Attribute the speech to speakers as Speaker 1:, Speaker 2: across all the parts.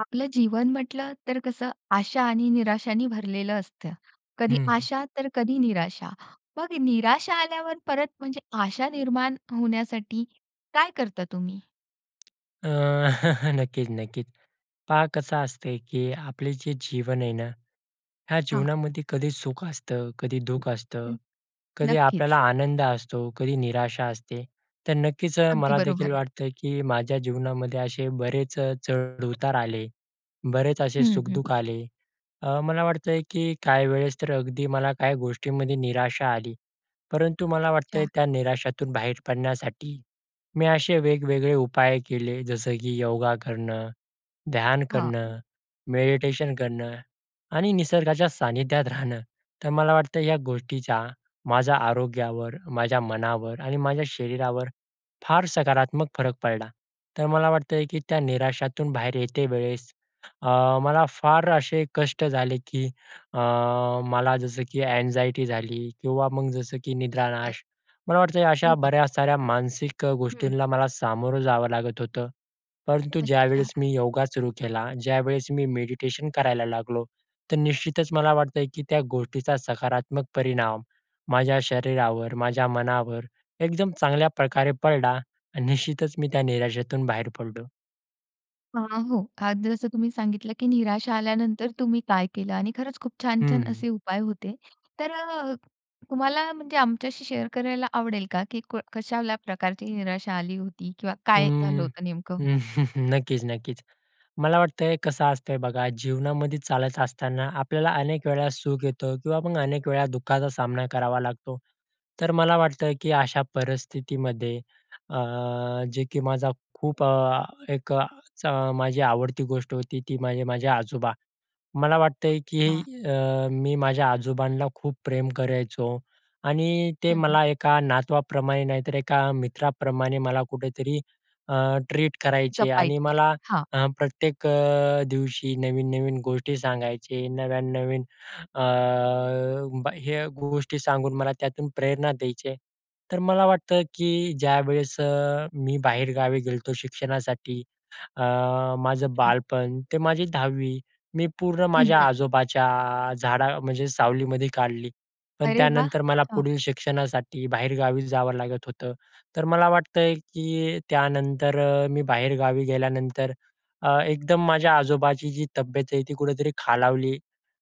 Speaker 1: आपलं जीवन म्हंटल तर कसं आशा आणि निराशांनी भरलेलं असतं. कधी
Speaker 2: हं, हं.
Speaker 1: आशा, तर कधी निराशा. मग निराशा आल्यावर परत म्हणजे आशा निर्माण होण्यासाठी काय करता तुम्ही?
Speaker 2: अ, नक्कीच, नक्कीच. पहा कसं असतं, की आपले जे जीवन आहे ना, ह्या
Speaker 1: हां.
Speaker 2: जीवनामध्ये कधी सुख असतं, कधी दुःख असतं,
Speaker 1: हं,
Speaker 2: कधी आपल्याला
Speaker 1: नक्कीच.
Speaker 2: आनंद असतो, कधी निराशा असते. तर नक्कीच
Speaker 1: अगदी
Speaker 2: मलादेखील
Speaker 1: बरोबर.
Speaker 2: वाटतं, की माझ्या जीवनामध्ये असे बरेच चढ-उतार आले. बरेच असे
Speaker 1: हं, हं.
Speaker 2: सुख-दुःख आले. अ, मला वाटतंय, की काही वेळेस तर अगदी मला काही गोष्टींमध्ये निराशा आली. परंतु मला वाटतं,
Speaker 1: अच्छा.
Speaker 2: त्या निराशातून बाहेर पडण्यासाठी, मी असे वेगवेगळे उपाय केले, जसं की योगा करणं, ध्यान
Speaker 1: हां.
Speaker 2: करणं, मेडिटेशन करणं आणि निसर्गाच्या सानिध्यात राहणं. तर मला वाटतं या गोष्टीचा माझ्या आरोग्यावर, माझ्या मनावर आणि माझ्या शरीरावर फार सकारात्मक फरक पडला. तर मला वाटतंय, की त्या निराशातून बाहेर येते वेळेस अ, मला फार असे कष्ट झाले, की अ, मला जसं की एन्जायटी झाली किंवा मग जसं की
Speaker 1: ए
Speaker 2: निद्रानाश, मला वाटतं अशा
Speaker 1: अरे
Speaker 2: बऱ्या
Speaker 1: बापरे!
Speaker 2: साऱ्या मानसिक
Speaker 1: हं.
Speaker 2: गोष्टींना मला सामोरं जावं लागत होतं. परंतु
Speaker 1: अच्छा.
Speaker 2: ज्यावेळेस मी योगा सुरू केला, ज्यावेळेस मी मेडिटेशन करायला लागलो, तर निश्चितच मला वाटतंय, की त्या गोष्टीचा सकारात्मक परिणाम माझ्या शरीरावर, माझ्या मनावर एकदम चांगल्याप्रकारे पडला आणि निश्चितच मी त्या निराशेतून बाहेर पडलो.
Speaker 1: अ, हो. आज जसं तुम्ही सांगितलं, की निराशा आल्यानंतर तुम्ही काय केलं आणि खरंच खूप
Speaker 2: हं,
Speaker 1: छान-छान
Speaker 2: हं.
Speaker 1: असे उपाय होते. तर अ, तुम्हाला म्हणजे आमच्याशी शेअर करायला आवडेल का? की को कशाला प्रकारची निराशा आली होती किंवा काय झालं
Speaker 2: अं,
Speaker 1: होतं नेमकं?
Speaker 2: नक्कीच, नक्कीच. मला वाटत आहे, कसं असतं बघा, जीवनामध्ये चालत असताना आपल्याला अनेक वेळा सुख येतं किंवा मग अनेक वेळा दुःखाचा सामना करावा लागतो. तर मला वाटतं, की अशा परिस्थितीमध्ये अ, जे की माझा खूप अ, एक अ, चा माझी आवडती गोष्ट होती, ती म्हणजे माझे आजोबा. मला वाटत आहे,
Speaker 1: वाह!
Speaker 2: की अ, मी माझ्या आजोबांना खूप प्रेम करायचो आणि ते
Speaker 1: हं, हं.
Speaker 2: मला एका नातवाप्रमाणे नाहीतर, एका मित्राप्रमाणे मला कुठेतरी अ, ट्रीट करायचे आणि
Speaker 1: जपायची.
Speaker 2: मला
Speaker 1: हां.
Speaker 2: अ, प्रत्येक अ, दिवशी नवीन-नवीन गोष्टी सांगायचे नव्यान नवीन अ, ब हे गोष्टी सांगून, मला त्यातून प्रेरणा द्यायचे. तर मला वाटतं, की ज्यावेळेस अ, मी बाहेरगावी गेलो होतो शिक्षणासाठी अ, माझं
Speaker 1: हां.
Speaker 2: बालपण, ते माझी 10वी मी पूर्ण
Speaker 1: हं,
Speaker 2: माझ्या
Speaker 1: हं.
Speaker 2: आजोबाच्या झाडा म्हणजे सावलीमध्ये काढली. पण
Speaker 1: अरे वाह!
Speaker 2: त्यानंतर मला
Speaker 1: हां.
Speaker 2: पुढील शिक्षणासाठी बाहेरगावी जावं लागत होतं. तर मला वाटत आहे, की त्यानंतर मी बाहेरगावी गेल्यानंतर, अ, एकदम माझ्या आजोबाची जी तब्येत आहे, ती कुठेतरी खालावली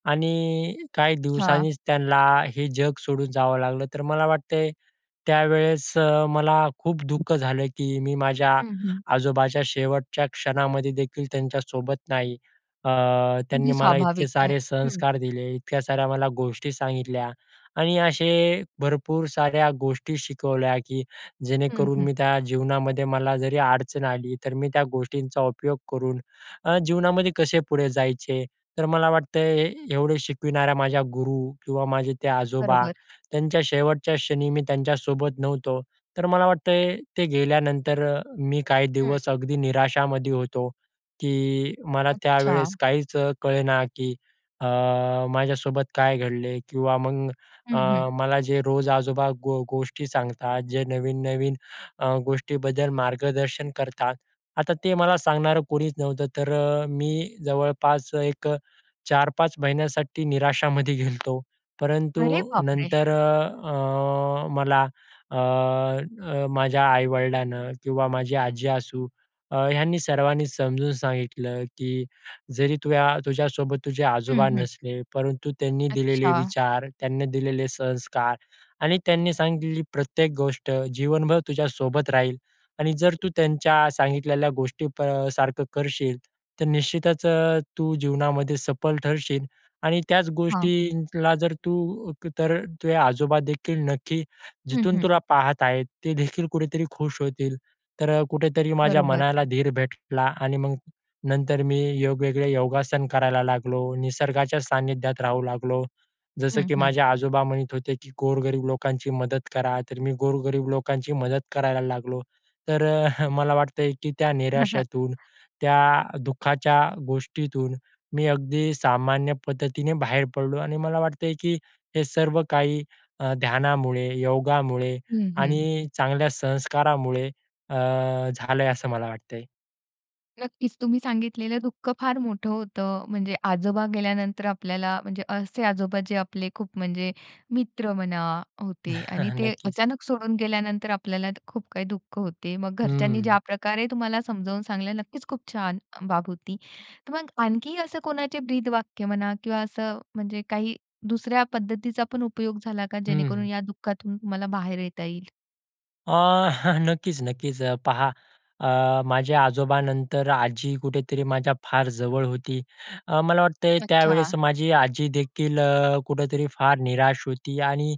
Speaker 2: आणि काही
Speaker 1: हां.
Speaker 2: दिवसांनीच त्यांना हे जग सोडून जावं लागलं. तर मला वाटते, त्यावेळेस अ, मला खूप दुःख झालं, की मी माझ्या
Speaker 1: हं, हं.
Speaker 2: आजोबाच्या शेवटच्या क्षणामध्ये देखील त्यांच्यासोबत नाही. अ, त्यांनी
Speaker 1: अगदी
Speaker 2: मला इतके
Speaker 1: स्वाभाविक आहे.
Speaker 2: सारे
Speaker 1: हं.
Speaker 2: संस्कार दिले, इतक्या साऱ्या मला गोष्टी सांगितल्या आणि असे भरपूर साऱ्या गोष्टी शिकवल्या, की
Speaker 1: हं,
Speaker 2: जेणेकरून
Speaker 1: हं.
Speaker 2: मी त्या जीवनामध्ये मला जरी अडचण आली, तर मी त्या गोष्टींचा उपयोग करून अ, जीवनामध्ये कसे पुढे जायचे, तर मला वाटतं अ, एवढे शिकविणाऱ्या माझ्या गुरू किंवा माझे ते आजोबा
Speaker 1: बरोबर.
Speaker 2: त्यांच्या शेवटच्या क्षणी मी त्यांच्यासोबत नव्हतो. तर मला वाटत, ते गेल्यानंतर अ, मी काही
Speaker 1: हं,
Speaker 2: दिवस
Speaker 1: हं.
Speaker 2: अगदी निराशामध्ये होतो, की मला त्यावेळेस
Speaker 1: अच्छा.
Speaker 2: काहीच अ, कळेना, की अ, माझ्यासोबत काय घडले किंवा मग अ,
Speaker 1: हं, हं.
Speaker 2: मला जे रोज आजोबा गो गोष्टी सांगतात, जे नवीन, नवीन अ, गोष्टीबद्दल मार्गदर्शन करतात, आता ते मला सांगणारं कोणीच नव्हतं, तर अ, मी जवळपास एक अ, 4-5 महिन्यासाठी निराशामध्ये गेलो होतो.
Speaker 1: अरे
Speaker 2: परंतु
Speaker 1: बापरे!
Speaker 2: नंतर अ, अ, मला अ, अ, माझ्या आई-वडिलांनी किंवा माझी आजी असू अ, ह्यांनी सर्वांनी समजून सांगितलं, की जरी तु तुझ्यासोबत तुझे
Speaker 1: हं,
Speaker 2: आजोबा
Speaker 1: हं.
Speaker 2: नसले परंतु त्यांनी दिलेले
Speaker 1: अच्छा.
Speaker 2: विचार, त्यांनी दिलेले संस्कार आणि त्यांनी सांगितली प्रत्येक गोष्ट जीवनभर तुझ्यासोबत राहील आणि जर तू त्यांच्या सांगितलेल्या गोष्टी प अ, सारखं करशील, तर निश्चितच अ, तू जीवनामध्ये सफल ठरशील आणि त्याच
Speaker 1: हां.
Speaker 2: गोष्टीला जर तू तर तुझे आजोबादेखील नक्की
Speaker 1: हं,
Speaker 2: जिथून
Speaker 1: हं.
Speaker 2: तुला पाहत आहेत, ते देखील कुठेतरी खुश होतील. तर कुठेतरी माझ्या
Speaker 1: बरोबर.
Speaker 2: मनाला धीर भेटला आणि मग नंतर मी वेगवेगळे योगासन करायला लागलो, निसर्गाच्या सानिध्यात राहू लागलो. जसं
Speaker 1: हं,
Speaker 2: की
Speaker 1: हं.
Speaker 2: माझे आजोबा म्हणत होते, की "गोरगरीब लोकांची मदत करा." तर मी गोरगरीब लोकांची मदत करायला लागलो. तर अ, मला वाटत आहे, की त्या निराशेतून, त्या दुःखाच्या गोष्टीतून, मी अगदी सामान्य पद्धतीने बाहेर पडलो आणि मला वाटत आहे, की हे सर्व काही अ, ध्यानामुळे, योगामुळे
Speaker 1: हं, हं.
Speaker 2: आणि चांगल्या संस्कारामुळे अ, झाल आहे, असं मला वाटतंय.
Speaker 1: नक्कीच तुम्ही सांगितलेलं दुःख फार मोठं होतं. म्हणजे आजोबा गेल्यानंतर आपल्याला म्हणजे असे आजोबा जे आपले खूप म्हणजे मित्र म्हणा होते आणि ते
Speaker 2: नक्कीच.
Speaker 1: अचानक सोडून गेल्यानंतर आपल्याला खूप काही दुःख होते. मग घरच्यांनी ज्या
Speaker 2: हं.
Speaker 1: प्रकारे तुम्हाला समजावून सांगितलं. नक्कीच खूप छान बाब होती. तर मग आणखी असं कोणाचे ब्रीदवाक्य म्हणा किंवा असं म्हणजे काही दुसऱ्या पद्धतीचा पण उपयोग झाला का,
Speaker 2: हं,
Speaker 1: जेणेकरून
Speaker 2: हं.
Speaker 1: या दुःखातून तुम्हाला बाहेर येता येईल?
Speaker 2: अ, नक्कीच, नक्कीच. अ, पहा अ, माझ्या आजोबांनंतर आजी कुठेतरी माझ्या फार जवळ होती. अ, मला वाटतंय
Speaker 1: अच्छा.
Speaker 2: त्यावेळेस माझी आजी देखील कुठेतरी फार निराश होती आणि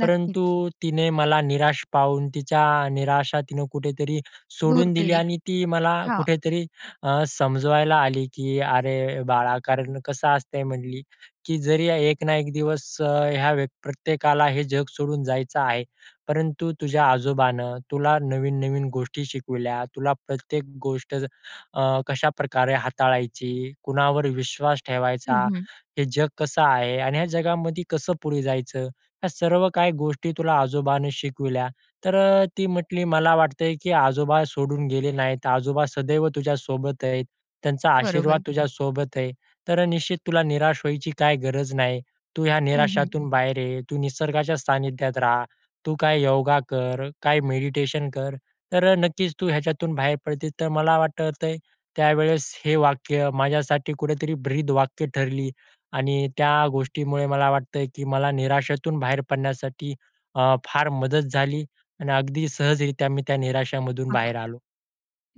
Speaker 2: परंतु तिने मला निराश पाहून तिच्या निराशा तिनं कुठेतरी
Speaker 1: दूर
Speaker 2: सोडून दिली
Speaker 1: केली.
Speaker 2: आणि ती मला
Speaker 1: हां.
Speaker 2: कुठेतरी अ, समजवायला आली की अरे बाळा कारण कसं असतंय म्हटली, की जरी एक ना एक दिवस ह्या व्यक् प्रत्येकाला हे जग सोडून जायचं आहे. परंतु तुझ्या आजोबांन तुला नवीन-नवीन गोष्टी शिकविल्या, तुला प्रत्येक गोष्ट कशाप्रकारे हाताळायची, कुणावर विश्वास
Speaker 1: हं,
Speaker 2: ठेवायचा,
Speaker 1: हं.
Speaker 2: हे जग कसं आहे आणि ह्या जगामध्ये कसं पुढे जायचं ह्या सर्व काही गोष्टी तुला आजोबांनी शिकवल्या. तर अ, ती म्हटली मला वाटतंय, की आजोबा सोडून गेले नाही, आजोबा सदैव तुझ्या सोबत आहेत. त्यांचा आशीर्वाद
Speaker 1: बरोबर.
Speaker 2: तुझ्या सोबत आहे. तर निश्चित तुला निराश व्हायची काही गरज नाही. तू ह्या
Speaker 1: हं, हं.
Speaker 2: निराशातून बाहेर ये. तू निसर्गाच्या सानिध्यात रहा. तू काय योगा कर, काय मेडिटेशन कर. तर नक्कीच तू ह्याच्यातून बाहेर पडशील. तर मला वाटतंय त्यावेळेस हे वाक्य माझ्यासाठी कुठेतरी ब्रीदवाक्य ठरली आणि त्या गोष्टीमुळे मला वाटतंय, की मला निराशेतून बाहेर पडण्यासाठी अ, फार मदत झाली आणि अगदी सहजरीत्या मी त्या निराशामधून
Speaker 1: हां, हां.
Speaker 2: बाहेर आलो.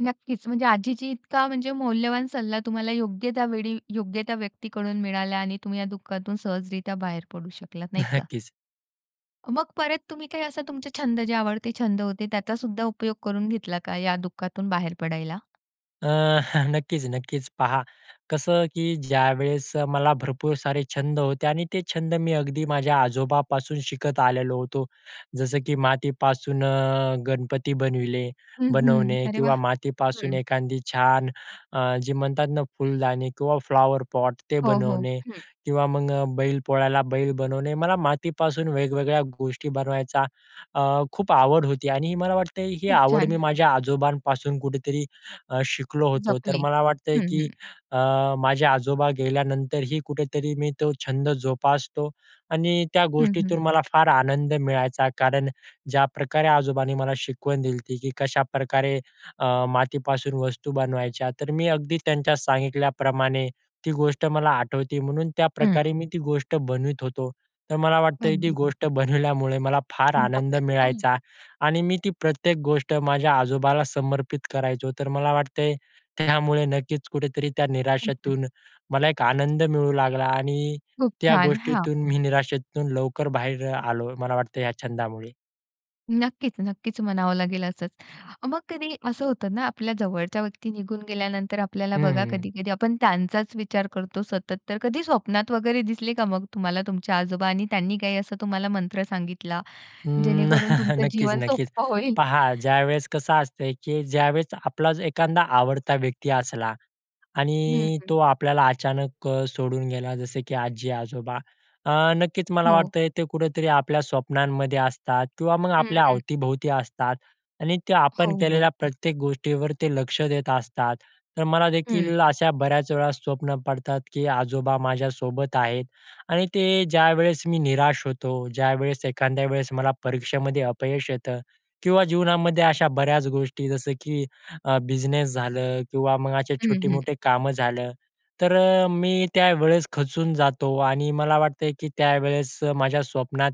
Speaker 1: नक्कीच. म्हणजे आजीची इतका म्हणजे मौल्यवान सल्ला तुम्हाला योग्य त्या वेळी, योग्य त्या व्यक्तीकडून मिळाला आणि तुम्ही या दुःखातून सहजरीत्या बाहेर पडू शकलात, नाही का.
Speaker 2: नक्कीच.
Speaker 1: मग परत तुम्ही काय असा तुमचे छंद जे आवडते छंद होते त्याचा सुद्धा उपयोग करून घेतला का, या दुःखातून बाहेर पडायला?
Speaker 2: अ, हं, नक्कीच, नक्कीच पहा. कसं की ज्यावेळेस मला भरपूर सारे छंद होते आणि ते छंद मी अगदी माझ्या आजोबांपासून शिकत आलेलो होतो. जसं की मातीपासून गणपती बनविले
Speaker 1: हं, हं.
Speaker 2: बनवणे
Speaker 1: अरे वाह!
Speaker 2: किंवा मातीपासून
Speaker 1: हं.
Speaker 2: एखादी छान अ, जे म्हणतात ना फुलदाणी किंवा फ्लॉवरपॉट ते
Speaker 1: हो, हो.
Speaker 2: बनवणे
Speaker 1: हं.
Speaker 2: किंवा मग बैलपोळ्याला बैल बनवणे. मला मातीपासून वेगवेगळ्या गोष्टी बनवायचा अ, खूप आवड होती आणि मला वाटतं ही
Speaker 1: खूप
Speaker 2: आवड
Speaker 1: छान.
Speaker 2: मी माझ्या आजोबांपासून कुठेतरी अ, शिकलो होतो, तर
Speaker 1: जपली.
Speaker 2: मला वाटतंय
Speaker 1: हं,
Speaker 2: की
Speaker 1: हं.
Speaker 2: अ, माझे आजोबा गेल्यानंतरही कुठेतरी मी तो छंद जोपासतो आणि त्या
Speaker 1: हं, हं.
Speaker 2: गोष्टीतून मला फार आनंद मिळायचा, कारण ज्याप्रकारे आजोबांनी मला शिकवण दिली ती की कशाप्रकारे अ, मातीपासून वस्तू बनवायच्या, तर मी अगदी त्यांच्या सांगितल्याप्रमाणे ती गोष्ट मला आठवते, म्हणून
Speaker 1: हं.
Speaker 2: त्याप्रकारे मी ती गोष्ट बनवत होतो. तर मला वाटतं ती
Speaker 1: अगदी.
Speaker 2: गोष्ट बनवल्यामुळे, मला फार आनंद
Speaker 1: [unintelligible]
Speaker 2: मिळायचा आणि मी ती प्रत्येक गोष्ट माझ्या आजोबाला समर्पित करायचो. तर मला वाटतंय त्यामुळे नक्कीच कुठेतरी त्या
Speaker 1: हं, हं.
Speaker 2: निराशेतून मला एक आनंद मिळू लागला आणि
Speaker 1: खूप
Speaker 2: त्या
Speaker 1: छान, हां.
Speaker 2: गोष्टीतून मी निराशेतून लवकर बाहेर आलो मला वाटतं या छंदामुळे.
Speaker 1: नक्कीच, नक्कीच म्हणावं लागेल असंच. मग कधी असं होतं ना आपल्या जवळच्या व्यक्ती निघून गेल्यानंतर आपल्याला बघा,
Speaker 2: हम्म.
Speaker 1: कधी-कधी आपण त्यांचाच विचार करतो सतत तर, कधी स्वप्नात वगैरे दिसले का मग तुम्हाला तुमचे आजोबा आणि त्यांनी काही असा तुम्हाला मंत्र सांगितला
Speaker 2: अ,
Speaker 1: जेणेकरून तुमचं
Speaker 2: नक्कीच,
Speaker 1: जीवन
Speaker 2: नक्कीच.
Speaker 1: सोपं होईल.
Speaker 2: पहा ज्यावेळेस कसं असतं की ज्यावेळेस आपलाच एखादा आवडता व्यक्ती असला
Speaker 1: हं,
Speaker 2: आणि
Speaker 1: हं.
Speaker 2: तो आपल्याला अचानक अ, सोडून गेला जसं की आजी-आजोबा अ, नक्कीच मला
Speaker 1: हो.
Speaker 2: वाटत ते कुठेतरी आपल्या स्वप्नांमध्ये असतात किंवा मग
Speaker 1: हं,
Speaker 2: आपल्या
Speaker 1: हं.
Speaker 2: अवतीभोवती असतात. आणि ते
Speaker 1: हो,
Speaker 2: आपण केलेल्या
Speaker 1: हो.
Speaker 2: प्रत्येक गोष्टीवर ते लक्ष देत असतात तर
Speaker 1: हं.
Speaker 2: मलादेखील अशा बऱ्याच वेळा स्वप्न पडतात की आजोबा माझ्यासोबत आहेत आणि ते ज्यावेळेस मी निराश होतो, ज्यावेळेस एखाद्या वेळेस मला परीक्षेमध्ये अपयश येतं. किंवा जीवनामध्ये अशा बऱ्याच गोष्टी जसं, की अ, बिझनेस झालं किंवा मग असे
Speaker 1: हं, हं.
Speaker 2: छोटे-मोठे कामं झालं, तर अ, मी त्यावेळेस खचून जातो आणि मला वाटतं की त्यावेळेस माझ्या स्वप्नात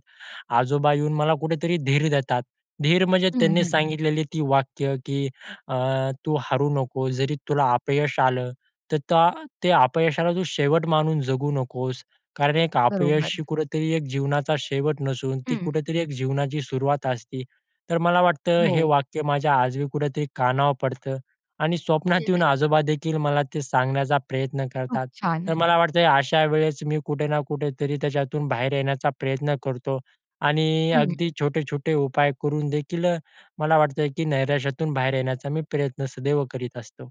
Speaker 2: आजोबा येऊन मला कुठेतरी धीर देतात. धीर म्हणजे
Speaker 1: हं,
Speaker 2: त्यांनी
Speaker 1: हं.
Speaker 2: सांगितलेली ती वाक्य की अ, "तू हारू नकोस जरी तुला अपयश आलं तर ते अपयशाला तू शेवट म्हणून जगू नकोस. कारण एक
Speaker 1: बरोबर.
Speaker 2: अपयश कुठेतरी एक जीवनाचा शेवट नसून, ती
Speaker 1: हं.
Speaker 2: कुठेतरी एक जीवनाची सुरुवात असते." तर मला वाटतं ते
Speaker 1: हो.
Speaker 2: वाक्य माझ्या आजही कुठेतरी कानावर पडतं आणि
Speaker 1: हं,
Speaker 2: स्वप्नात येऊन
Speaker 1: हं.
Speaker 2: आजोबा देखील मला ते सांगण्याचा प्रयत्न
Speaker 1: खूप
Speaker 2: करतात.
Speaker 1: छान.
Speaker 2: तर मला वाटतं अशा वेळेस मी कुठे ना कुठेतरी त्याच्यातून बाहेर येण्याचा प्रयत्न करतो आणि
Speaker 1: हं.
Speaker 2: अगदी छोटे-छोटे उपाय करून देखील मला वाटतंय की नैराश्यातून बाहेर येण्याचा मी प्रयत्न सदैव करीत असतो.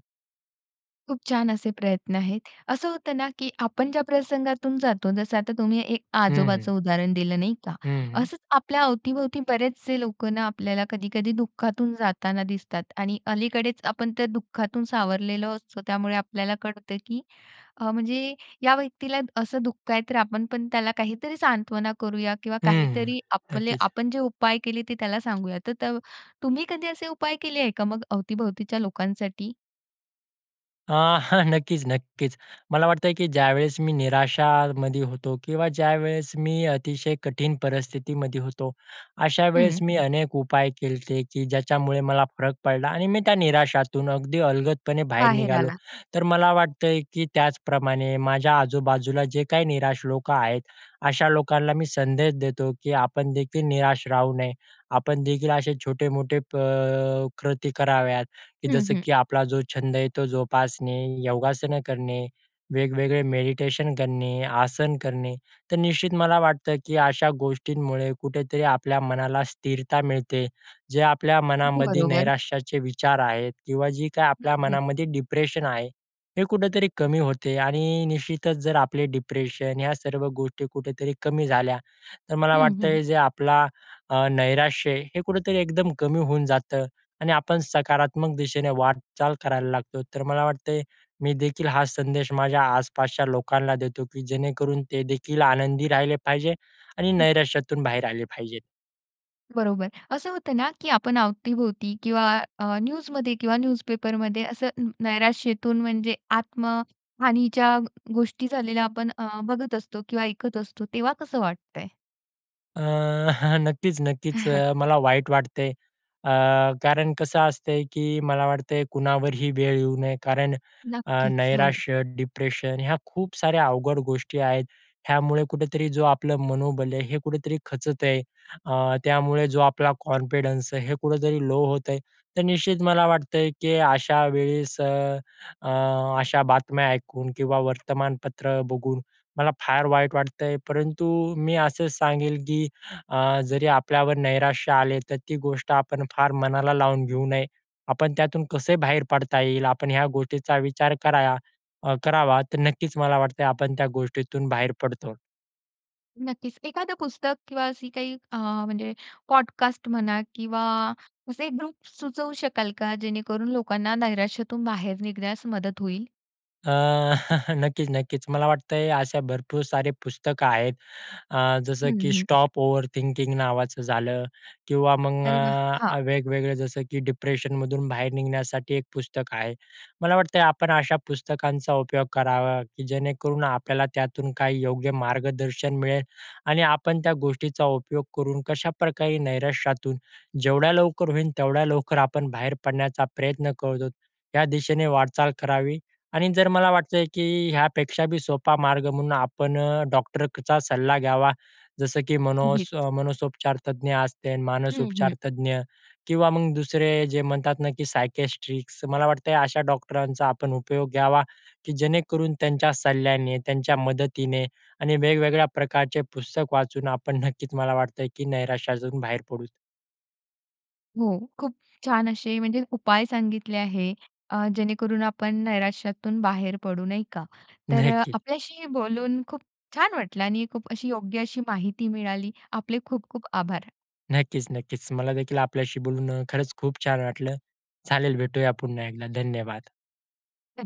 Speaker 1: खूप छान असे प्रयत्न आहेत. असं होतं ना की आपण ज्या प्रसंगातून जातो, जसं आता तुम्ही एक अ,
Speaker 2: हं, हं.
Speaker 1: आजोबाचं उदाहरण दिलं नाही का?
Speaker 2: हं, हं.
Speaker 1: असंच आपल्या अवती-भवती बरेचसे लोकं ना आपल्याला कधी-कधी दुःखातून जाताना दिसतात आणि अलीकडेच आपण त्या दुःखातून सावरलेलो असतो. त्यामुळे आपल्याला कळतं, की अ, म्हणजे या व्यक्तीला असं दुःख आहे. तर आपण पण त्याला काहीतरी सांत्वना करूया किंवा
Speaker 2: हं,
Speaker 1: काहीतरी आपले
Speaker 2: नक्कीच.
Speaker 1: आपण जे उपाय केले, ते त्याला सांगूया. तर तुम्ही कधी असे उपाय केले आहे का मग अवतीभवतीच्या लोकांसाठी?
Speaker 2: अ, हां, नक्कीच-नक्कीच. मला वाटतंय की ज्यावेळेस मी निराशामध्ये होतो किंवा ज्यावेळेस मी अतिशय कठीण परिस्थितीमध्ये होतो. अशा वेळेस
Speaker 1: हं.
Speaker 2: मी अनेक उपाय केलते, की ज्याच्यामुळे मला फरक पडला आणि मी त्या निराशातून अगदी अलगदपणे बाहेर
Speaker 1: बाहेर
Speaker 2: निघालो.
Speaker 1: आला.
Speaker 2: तर मला वाटतंय की त्याचप्रमाणे माझ्या आजूबाजूला जे काही निराश लोकं आहेत. अशा लोकांना मी संदेश देतो, की आपणदेखील निराश राहू नये. आपणदेखील असे छोटे-मोठे प कृती कराव्यात, की
Speaker 1: हं,
Speaker 2: जसं
Speaker 1: हं.
Speaker 2: की आपला जो छंद आहे तो जोपासणे, योगासनं करणे, वेगवेगळे मेडिटेशन करणे, आसन करणे. तर निश्चित मला वाटतं की अशा गोष्टींमुळे कुठेतरी आपल्या मनाला स्थिरता मिळते. जे आपल्या
Speaker 1: अगदी
Speaker 2: मनामध्ये
Speaker 1: बरोबर.
Speaker 2: नैराश्याचे विचार आहेत किंवा जे काही
Speaker 1: हं,
Speaker 2: आपल्या
Speaker 1: हं.
Speaker 2: मनामध्ये डिप्रेशन आहे. हे कुठेतरी कमी होते आणि निश्चितच जर आपले डिप्रेशन ह्या सर्व गोष्टी कुठेतरी कमी झाल्या. तर मला
Speaker 1: हं, हं.
Speaker 2: वाटतंय जे आपला अ, नैराश्य हे कुठेतरी एकदम कमी होऊन जातं आणि आपण सकारात्मक दिशेने वाटचाल करायला लागतो. तर मला वाटतंय, मी देखील हा संदेश माझ्या आसपासच्या लोकांना देतो की जेणेकरून ते देखील आनंदी राहिले पाहिजे आणि
Speaker 1: हं.
Speaker 2: नैराश्यातून बाहेर आले पाहिजेत.
Speaker 1: बरोबर. असं होतं ना की आपण अवती-भोवती किंवा अ, न्यूजमध्ये किंवा न्यूजपेपरमध्ये असं नैराश्येतून म्हणजे आत्महानीच्या गोष्टी झालेल्या आपण अ, बघत असतो किंवा ऐकत असतो. तेव्हा कसं वाटते?
Speaker 2: अ, हां. नक्कीच-नक्कीच. अ, मला वाईट वाटते. अ, कारण कसं असते, की मला वाटत कुणावरही वेळ येऊ नये. कारण अ,
Speaker 1: नक्कीच. हो.
Speaker 2: नैराश्य, डिप्रेशन ह्या खूप साऱ्या अवघड गोष्टी आहेत. ह्यामुळे कुठेतरी जो आपलं मनोबल आहे, हे कुठेतरी खचत आहे. अ, त्यामुळे जो आपला कॉन्फिडन्स आहे हे कुठेतरी लो होत आहे. तर निश्चित मला वाटतंय की अशा वेळेस अ, अशा बातम्या ऐकून किंवा वर्तमानपत्र बघून मला फार वाईट वाटतंय, परंतु मी असं सांगेन की अ, जरी आपल्यावर नैराश्य आले तर, ती गोष्ट आपण फार मनाला लावून घेऊ नये. आपण त्यातून कसे बाहेर पडता येईल? आपण ह्या गोष्टीचा विचार कराया करावा. तर नक्कीच मला वाटत आपण त्या गोष्टीतून बाहेर पडतो.
Speaker 1: नक्कीच. एखादं पुस्तक किंवा असी काही अ, म्हणजे पॉडकास्ट म्हणा किंवा असे ग्रुप्स सुचवू शकाल का? जे णेकरून लोकांना नैराश्यातून बाहेर निघण्यास मदत होईल?
Speaker 2: अ, नक्कीच-नक्कीच. मला वाटतंय अशा भरपूर सारे पुस्तकं आहेत अ,
Speaker 1: हं,
Speaker 2: जसं की अ,
Speaker 1: हं.
Speaker 2: स्टॉप ओव्हर थिंकिंग नावाचं झालं किंवा मग
Speaker 1: अरे वाह! हां.
Speaker 2: अ, वेगवेगळे जसं की डिप्रेशनमधून बाहेर निघण्यासाठी एक पुस्तक आहे. मला वाटतंय आपण अशा पुस्तकांचा उपयोग करावा, की जेणेकरून आपल्याला त्यातून काही योग्य मार्गदर्शन मिळेल आणि आपण त्या गोष्टीचा उपयोग करून कशाप्रकारे नैराश्यातून जेवढ्या लवकर होईल, तेवढ्या लवकर आपण बाहेर पडण्याचा प्रयत्न करत आहोत या दिशेने वाटचाल करावी. आणि जर मला वाटतंय, की ह्यापेक्षा बी सोपा मार्ग म्हणून आपण डॉक्टरचा सल्ला घ्यावा जसं की मनो
Speaker 1: उगीच.
Speaker 2: मनोसोपचार तज्ज्ञ असते,
Speaker 1: हं, हं.
Speaker 2: मानसोपचारतज्ज्ञ किंवा मग दुसरे जे म्हणतात ना, की सायकेस्ट्रिक्स मला वाटतंय अशा डॉक्टरांचा आपण उपयोग घ्यावा, की जेणेकरून त्यांच्या सल्ल्याने त्यांच्या मदतीने आणि वेगवेगळ्या प्रकारचे पुस्तक वाचून आपण नक्कीच मला वाटतंय की नैराश्या जाऊन बाहेर पडू.
Speaker 1: हो. खूप छान असे म्हणजे उपाय सांगितले आहे. अ, जेणेकरून आपण नैराश्यातून बाहेर पडू, नाही का. तर
Speaker 2: नक्की.
Speaker 1: आपल्याशी बोलून खूप छान वाटलं आणि खूप अशी योग्य अशी माहिती मिळाली. आपले खूप-खूप आभार.
Speaker 2: नक्कीच-नक्कीच. मला देखील आपल्याशी बोलून खरंच खूप छान वाटलं. चालेल, भेटूया पुन्हा एकदा. धन्यवाद.
Speaker 1: धन्य